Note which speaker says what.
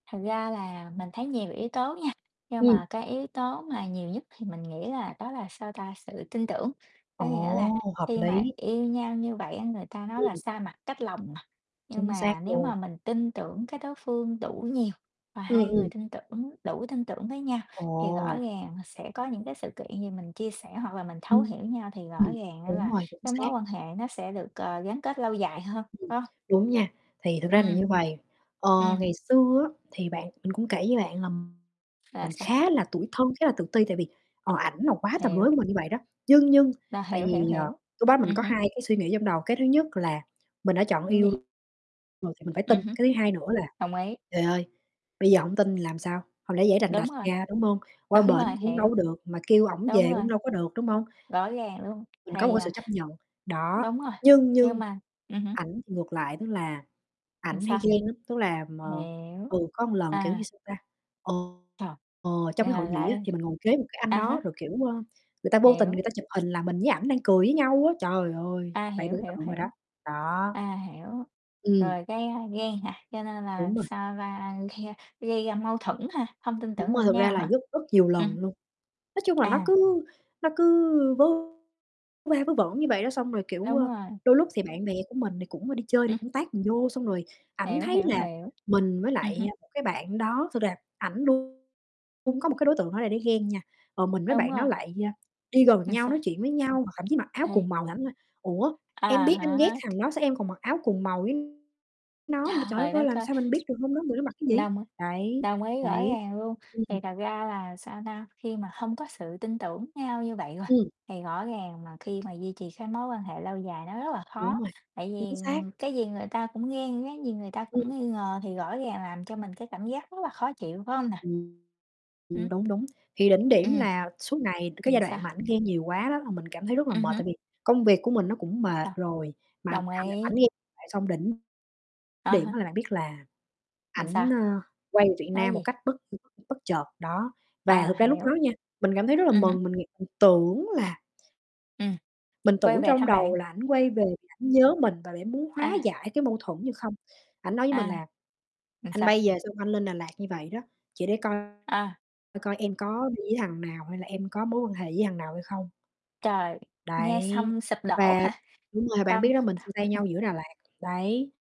Speaker 1: Thật ra là mình thấy nhiều yếu tố nha, nhưng
Speaker 2: Ừm.
Speaker 1: mà cái yếu tố mà nhiều nhất thì mình nghĩ là đó là, sao ta, sự tin tưởng, có
Speaker 2: Ồ,
Speaker 1: nghĩa là
Speaker 2: hợp
Speaker 1: khi mà
Speaker 2: lý.
Speaker 1: yêu nhau như vậy á người ta nói là
Speaker 2: Ừm.
Speaker 1: xa mặt cách lòng mà. Nhưng
Speaker 2: Chính xác
Speaker 1: mà nếu
Speaker 2: luôn.
Speaker 1: mà mình tin tưởng cái đối phương đủ nhiều và
Speaker 2: Ừm,
Speaker 1: hai người
Speaker 2: ừm.
Speaker 1: tin tưởng, đủ tin tưởng với nhau, thì rõ
Speaker 2: Ồ.
Speaker 1: ràng, à, sẽ có những cái sự kiện gì mình chia sẻ hoặc là mình thấu hiểu
Speaker 2: Ưm,
Speaker 1: nhau thì rõ
Speaker 2: ừm,
Speaker 1: ràng á
Speaker 2: đúng
Speaker 1: là
Speaker 2: rồi, chính
Speaker 1: cái mối
Speaker 2: xác.
Speaker 1: quan hệ nó sẽ được c gắn kết lâu dài hơn,
Speaker 2: Ừm,
Speaker 1: phải hông?
Speaker 2: đúng nha, thì thực ra là
Speaker 1: Ừm.
Speaker 2: như vầy, ờ,
Speaker 1: Ừm.
Speaker 2: ngày xưa á thì bạn mình cũng kể với bạn là
Speaker 1: Là
Speaker 2: mình
Speaker 1: sao?
Speaker 2: khá là tủi thân, khá là tự ti tại vì, ờ, ảnh là quá tầm với
Speaker 1: Hiểu.
Speaker 2: của mình như vậy đó, nhưng nhưng
Speaker 1: Là
Speaker 2: tại
Speaker 1: hiểu, hiểu,
Speaker 2: vì, ờ,
Speaker 1: hiểu,
Speaker 2: lúc đó mình
Speaker 1: ừm
Speaker 2: có
Speaker 1: hứm.
Speaker 2: 2 cái suy nghĩ trong đầu, cái thứ nhất là mình đã chọn
Speaker 1: Cái
Speaker 2: yêu
Speaker 1: gì?
Speaker 2: [unintelligible] rồi thì mình phải tin.
Speaker 1: Ừm hứm.
Speaker 2: Cái thứ hai nữa là
Speaker 1: Đồng ý.
Speaker 2: trời ơi, bây giờ hổng tin thì làm sao, hông lẽ giãy đành
Speaker 1: Đúng
Speaker 2: đạch
Speaker 1: rồi.
Speaker 2: ra, đúng hông? Qua
Speaker 1: Đúng
Speaker 2: bển
Speaker 1: rồi,
Speaker 2: cũng đâu
Speaker 1: hiểu.
Speaker 2: có được, mà kêu ổng
Speaker 1: Đúng
Speaker 2: về
Speaker 1: rồi.
Speaker 2: cũng đâu có được, đúng hông?
Speaker 1: Rõ ràng luôn,
Speaker 2: Mình có một
Speaker 1: thì,
Speaker 2: cái sự
Speaker 1: à
Speaker 2: chấp nhận, đó,
Speaker 1: đúng rồi,
Speaker 2: nhưng
Speaker 1: nhưng
Speaker 2: nhưng
Speaker 1: mà ừm hứm.
Speaker 2: ảnh thì ngược lại, tức là
Speaker 1: Làm
Speaker 2: ảnh hay
Speaker 1: sao?
Speaker 2: ghen lắm. Tức là m
Speaker 1: Hiểu,
Speaker 2: ừ, có một lần, kiểu như,
Speaker 1: à.
Speaker 2: sao ta, ờ,
Speaker 1: Trời.
Speaker 2: ờ, trong
Speaker 1: Ờ,
Speaker 2: cái hội nghị á
Speaker 1: lại
Speaker 2: thì mình ngồi kế một cái anh
Speaker 1: à
Speaker 2: đó
Speaker 1: há.
Speaker 2: rồi, kiểu, ơ, người ta vô tình
Speaker 1: Hiểu.
Speaker 2: người ta chụp hình là mình với ảnh đang cười với nhau á, trời ơi,
Speaker 1: À,
Speaker 2: bạn
Speaker 1: hiểu,
Speaker 2: tưởng
Speaker 1: hiểu,
Speaker 2: tượng rồi đó,
Speaker 1: hiểu.
Speaker 2: đó.
Speaker 1: À, hiểu,
Speaker 2: Ừm.
Speaker 1: rồi cái, a, ghen hả? Cho nên là,
Speaker 2: Đúng rồi.
Speaker 1: sao va gây ra mâu thuẫn hả? Hông tin tưởng
Speaker 2: Đúng rồi,
Speaker 1: lẫn
Speaker 2: thực ra
Speaker 1: nhau
Speaker 2: là
Speaker 1: hả?
Speaker 2: rất rất nhiều
Speaker 1: Ừm.
Speaker 2: lần luôn, nói chung là nó
Speaker 1: À.
Speaker 2: cứ nó cứ vớ vớ va vớ vẩn như vậy đó, xong rồi, kiểu,
Speaker 1: Đúng
Speaker 2: ơ,
Speaker 1: rồi.
Speaker 2: đôi lúc thì bạn bè của mình thì cũng, ơ, đi chơi thì
Speaker 1: Ưm.
Speaker 2: cũng tag mình vô, xong rồi ảnh
Speaker 1: Hiểu,
Speaker 2: thấy
Speaker 1: hiểu,
Speaker 2: là
Speaker 1: hiểu,
Speaker 2: mình với
Speaker 1: ừm
Speaker 2: lại,
Speaker 1: hứm.
Speaker 2: a, một cái bạn đó [unintelligible] ảnh luôn cung có một cái đối tượng đó là để ghen nha, ờ, mình với
Speaker 1: Đúng
Speaker 2: bạn nó
Speaker 1: rồi.
Speaker 2: lại, a, đi gần
Speaker 1: Là
Speaker 2: nhau,
Speaker 1: sao?
Speaker 2: nói chuyện với nhau hoặc thậm chí mặc áo cùng
Speaker 1: Thì
Speaker 2: màu thì ảnh nói: "Ủa,
Speaker 1: À
Speaker 2: em biết anh ghét
Speaker 1: há.
Speaker 2: thằng đó sao em còn mặc áo cùng màu với nó?" Trời đất
Speaker 1: Trời
Speaker 2: ơi,
Speaker 1: đất
Speaker 2: làm
Speaker 1: ơi!
Speaker 2: sao mình biết được hôm đó người nó mặc cái gì,
Speaker 1: Đông á
Speaker 2: đấy,
Speaker 1: đồng ý, rõ
Speaker 2: đấy,
Speaker 1: ràng luôn
Speaker 2: ừm.
Speaker 1: thì thật ra là, sao ta, khi mà hông có sự tin tưởng nhau như vậy rồi
Speaker 2: Ừm.
Speaker 1: thì rõ ràng mà khi mà duy trì cái mối quan hệ lâu dài nó rất là
Speaker 2: Đúng
Speaker 1: khó,
Speaker 2: rồi,
Speaker 1: tại vì,
Speaker 2: chính xác.
Speaker 1: ừm, cái gì người ta cũng ghen, cái gì người ta
Speaker 2: Ừm.
Speaker 1: cũng nghi ngờ thì rõ ràng làm cho mình cái cảm giác rất là khó chịu, phải hông nè?
Speaker 2: Ừm,
Speaker 1: Ừm.
Speaker 2: ừm, đúng, đúng, thì đỉnh điểm
Speaker 1: Ừm,
Speaker 2: là suốt ngày cái
Speaker 1: nhìn
Speaker 2: giai
Speaker 1: sao?
Speaker 2: đoạn mà ảnh ghen nhiều quá đó là mình cảm thấy rất là
Speaker 1: Ừm
Speaker 2: mệt
Speaker 1: hứm.
Speaker 2: tại vì công việc của mình nó cũng mệt
Speaker 1: Đồng
Speaker 2: rồi mà
Speaker 1: đồng
Speaker 2: ảnh ảnh
Speaker 1: ý.
Speaker 2: ghen [unintelligible] xong đỉnh
Speaker 1: À
Speaker 2: điểm á
Speaker 1: há.
Speaker 2: là bạn biết là
Speaker 1: Rồi sao?
Speaker 2: ảnh, ơ, quay về Việt
Speaker 1: Nói
Speaker 2: Nam một
Speaker 1: gì?
Speaker 2: cách bất [unintelligible] bất chợt đó và
Speaker 1: À,
Speaker 2: thực ra lúc
Speaker 1: hiểu.
Speaker 2: đó nha, mình cảm thấy rất là
Speaker 1: Ừm hứm.
Speaker 2: mừng, mình nghĩ, [unintelligible] tưởng là
Speaker 1: Ừm,
Speaker 2: Mình
Speaker 1: quay
Speaker 2: tưởng
Speaker 1: về
Speaker 2: trong
Speaker 1: thăm bạn.
Speaker 2: đầu là ảnh quay về vì ảnh nhớ mình và để muốn hóa
Speaker 1: À.
Speaker 2: giải cái mâu thuẫn như không, ảnh nói với mình
Speaker 1: À.
Speaker 2: là
Speaker 1: Làm
Speaker 2: "Anh
Speaker 1: sao?
Speaker 2: bay về xong anh lên Đà Lạt như vậy đó, chỉ để coi
Speaker 1: À.
Speaker 2: coi coi em có đi với thằng nào hay là em có mối quan hệ với thằng nào hay không."
Speaker 1: Trời, nghe
Speaker 2: Đấy,
Speaker 1: xong sụp đổ
Speaker 2: và
Speaker 1: hả?
Speaker 2: đúng rồi, bạn
Speaker 1: Tâm
Speaker 2: biết đó mình chia tay nhau
Speaker 1: [unintelligible]
Speaker 2: giữa Đà Lạt, đấy.